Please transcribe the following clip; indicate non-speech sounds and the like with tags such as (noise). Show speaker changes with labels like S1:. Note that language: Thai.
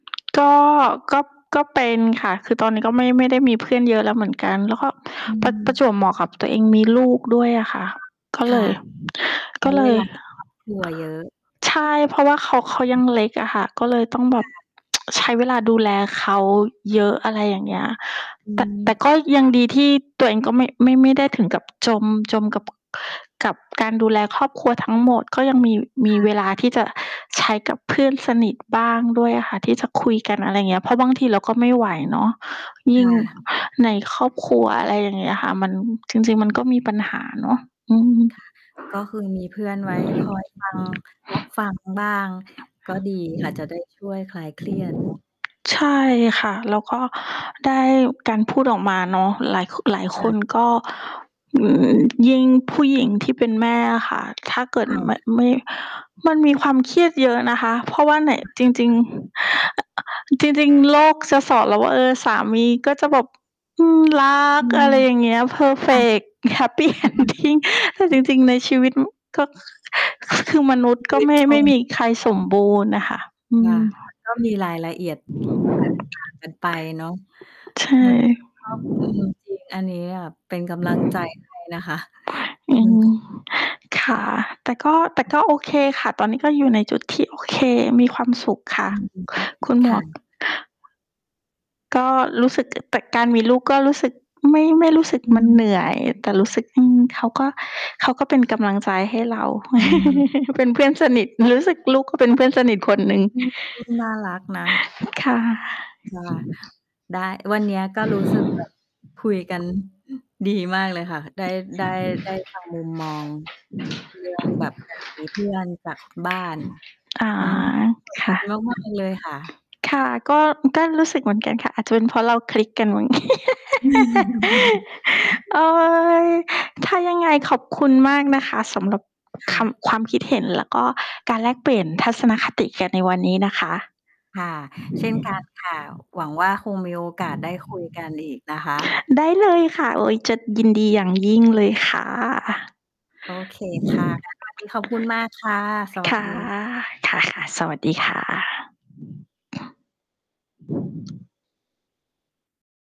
S1: ก็ ก็ ก็เป็นค่ะ คือตอนนี้ก็ไม่ ไม่ได้มีเพื่อนเยอะแล้วเหมือนกัน แล้วก็
S2: อื
S1: ประ ประจ
S2: ม
S1: วบเหมาะกับตัวเองมีลูกด้วยอะค่ะ ก็
S2: ค
S1: เล
S2: ่ะ
S1: ย
S2: ใช
S1: ก
S2: ้
S1: ็เล
S2: เว
S1: ย
S2: ลากับครอบครัว เยอะ
S1: ใช่ เพราะว่าเขา เขายังเล็กอะค่ะ ก็เลยต้องแบ
S2: ค
S1: บ
S2: ่ะ
S1: (tsk) ใช้เวลาดูแลเขาเยอะ อะไรอย่างเงี้ย
S2: อื
S1: แต่ แต่
S2: ม
S1: ก็ยังดีที่ตัวเองก็ไม่ ไม่ ไม่ได้ถึงกับจม จมกับ กับการดูแลครอบครัวทั้งหมด ก็ยังมี ม
S2: ค
S1: ี
S2: ่
S1: เวลา
S2: ะ
S1: ที่จะใช้กับเพื่อนสนิทบ้างด้วยอะค่ะ ที่จะคุยกัน อะไรเงี้ย เพราะบางทีเราก็ไม่ไหวเนาะ ย
S2: ค
S1: ิ่ง
S2: ่ะ
S1: ในครอบครัว อะไรอย่างเงี้ยค่ะ มัน จริง ๆ มันก็มีปัญหาเนาะ อืม
S2: ค่ะ ก็คือมีเพื่อนไว้ คอย ฟัง รับ ฟังบ้าง ก็ดีค่ะจะ ได้ ช่วยคลายเครียด เนาะ
S1: ใช่ค่ะ แล้วก็ได้ การพูดออกมาเนาะ หลายคึ หลาย
S2: ค
S1: ค
S2: ่ะ
S1: นก็ อือ ยิ่งผู้หญิงที่เป็นแม่อะค่ะ ถ้าเกิด
S2: ค่
S1: ม
S2: ะ
S1: ไม่ มันมีความเครียดเยอะนะคะ เพราะว่าไหน
S2: ค
S1: จริง
S2: ่ะ
S1: ๆ จริง ๆ โลก ส สอนเราว่า เออ สามีก็จะแบบ อืม รั
S2: อ
S1: ก
S2: ื
S1: อะ
S2: ม
S1: ไรอย่างเงี้ย
S2: ค่ะ
S1: perfect happy
S2: ประมาณนั้
S1: ending
S2: น
S1: แต่
S2: อื
S1: จ
S2: ม
S1: ริง ๆ ในชีวิต อืม ก็ ค คือ คือมนุษย์
S2: ช
S1: ก
S2: ี
S1: ็
S2: วิ
S1: ไ
S2: ต
S1: ม่
S2: ค
S1: ไม่
S2: น
S1: มีใคร
S2: ใช
S1: สม
S2: ่
S1: บูรณ์น่ะค่ะ อื
S2: ค่ะ
S1: ม
S2: มันก็ มีรายละเอียด แตกต่าง กันไปเนาะ
S1: ใช
S2: เหมือน อื
S1: ่
S2: ม ครอบ อืม จริง อันเนี้ยเป็นกำลังใจให้นะ คะ (chuckles)
S1: อื
S2: อืม
S1: ม ค่ะ แต่ก็ แต่ก็โอเคค่ะ ตอนนี้ก็อยู่ในจุดที่โอเค มีความสุขค่ะ
S2: อืม อือฮึ
S1: คุณ
S2: ค
S1: หม
S2: ่
S1: ว
S2: ะ
S1: ก ก็รู้สึก อ แต่การมีลูกก็รู้สึก ไม่ ไม่รู้สึก
S2: อื
S1: มัน
S2: อฮ
S1: เ
S2: ึ
S1: หนื่อย แต่รู้สึก อืม เขาก็ เขาก็เป็นกำลังใจให้เรา
S2: อืม
S1: (chuckles) เป็นเพื่อนส
S2: ใช
S1: น
S2: ่
S1: ิท รู้สึกลูกเขาเป็นเพื่อนสนิทคนหนึ่ง
S2: อืม ลูก น่ารักนะ
S1: ค่ะ
S2: ค่ะ ได้ วันเนี้ยก็รู้สึก แบบ คุยกัน ดี มากเลยค่ะ ได้ ได้ ได้ ฟัง มุมมอง เรื่องแบบการมีเพื่อนจาก คุณบ้าน
S1: อา
S2: อืม ต้องขอบ
S1: ค
S2: ค
S1: ่
S2: ุ
S1: ะ
S2: ณมาก ๆ เลยค่ะ
S1: ค่ะ ก็ อือ ก็รู้สึกเหมือนกันค่ะ อาจจะเป็นเพราะเราคลิกกันมั้ง (laughs) โอ๊
S2: (laughs)
S1: ย! ถ้ายังไงขอบคุณมากนะคะ สำหรับ
S2: ค
S1: ค
S2: ่ะ
S1: ำ ความคิดเห็นแล้วก็การแลกเปลี่ยนทัศนคติกันในวันนี้นะคะ
S2: ค่ะ เช่นกันค่ะ หวังว่าคงมีโอกาสได้ คุย กันอีกนะคะ
S1: ได้เลยค่ะ โอ๊ย จะยินดีอย่างยิ่งเลยค่ะ
S2: โอเคค่ะ งั้นวันนี้ ขอบคุณมากค่ะ สวั
S1: ค
S2: ส
S1: ่ะ
S2: ดี ค
S1: ค่ะ
S2: ่ะ
S1: ๆ สวัสดีค่ะ